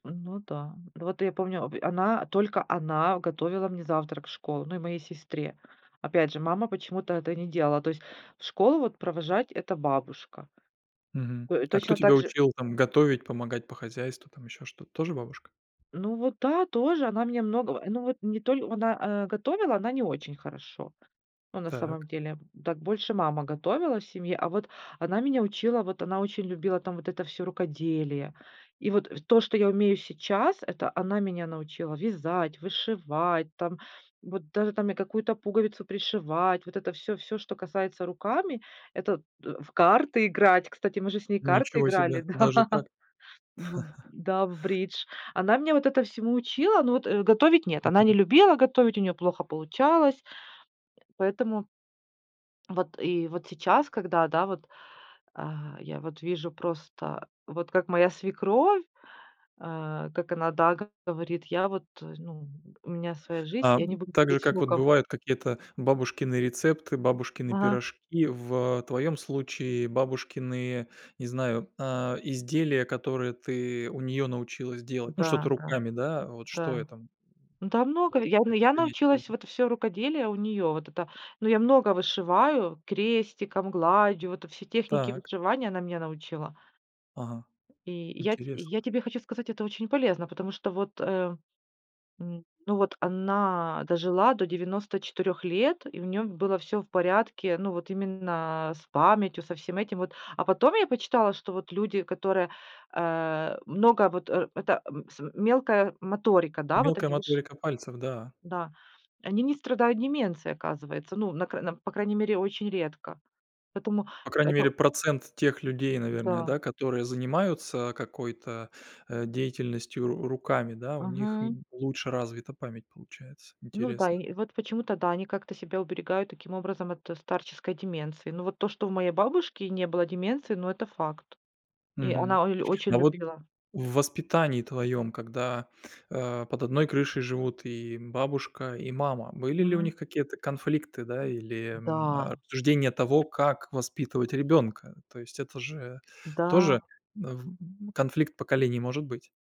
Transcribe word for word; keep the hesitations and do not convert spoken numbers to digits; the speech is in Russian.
Ну, да. Вот я помню обе она, только она готовила мне завтрак в школу, ну и моей сестре. Опять же, мама почему-то это не делала. То есть, в школу вот провожать- это бабушка. Мгм. Той А кто точно тебя также учил там готовить, помогать по хозяйству, там ещё что? Тоже бабушка? Ну вот да, тоже она меня многого, ну вот не толь она, э, готовила, она не очень хорошо. Ну на Так. самом деле, так больше мама готовила в семье, а вот она меня учила вот она очень любила там вот это всё рукоделие. И вот то, что я умею сейчас, это она меня научила вязать, вышивать, там вот даже там я какую-то пуговицу пришивать. Вот это всё, всё, что касается руками, это т в карты играть. Кстати, мы же с ней карты Ничего играли, себе даже да, так. в да, в бридж. Она меня вот этому всему учила. Но вот готовить нет, она Мгм. не любила готовить, у нее плохо получалось, поэтому. Вот и вот сейчас, когда да, вот, а, я вот вижу просто, вот как моя свекровь, э, как она, да, как говорит: "Я вот ну у меня своя жизнь, я не Ам, буду так же, говорить с как вот внуком". бывают какие-то бабушкины рецепты, бабушкины Ага. пирожки. В твоём случае бабушкины, не знаю, а изделия, которые ты у неё научилась делать. Ну что-то Да, да. руками, да, вот что Да. это? Да, много, Может я быть, я принять, кру научилась вот это всё рукоделие у нее, вот это. Ну я много вышиваю крестиком, гладью, в это все техники Так. вышивания- она меня научила. Ага, И я те интересно. я тебе хочу сказать, это очень полезно. Потому что вот, э, м, ну вот она дожила до девяносто четырех лет и у неё было всё в порядке. Ну вот именно с памятью, со всем этим вот. А потом я почитала, что вот люди, которые, э, много вот, э, это, м с мелкая моторика, да, вот Мелкая они выше моторика пальцев, да. Да, они не страдают деменцией, оказывается. Ну, на край на по крайней мере, очень редко. Поэтому По крайней мере это процент тех людей, наверное, Да. да, которые занимаются какой-то, э, деятельностью ру руками, да, у них Мгм. н лучше развита память получается, Ну да, интересно. и вот почему-то да, они как-то себя уберегают таким образом от старческой деменции. Но вот то, что у моей бабушки не было деменции, ну это факт, и Мгм. она оль очень А вот любила. в воспитании твоём, когда, э, под одной крышей живут и бабушка, и мама, были ли у Мгм. них какие-то конфликты, да, или, м, Да. э, рассуждения того, как воспитывать ребёнка? То есть это же тоже Да. в конфликт поколений может быть.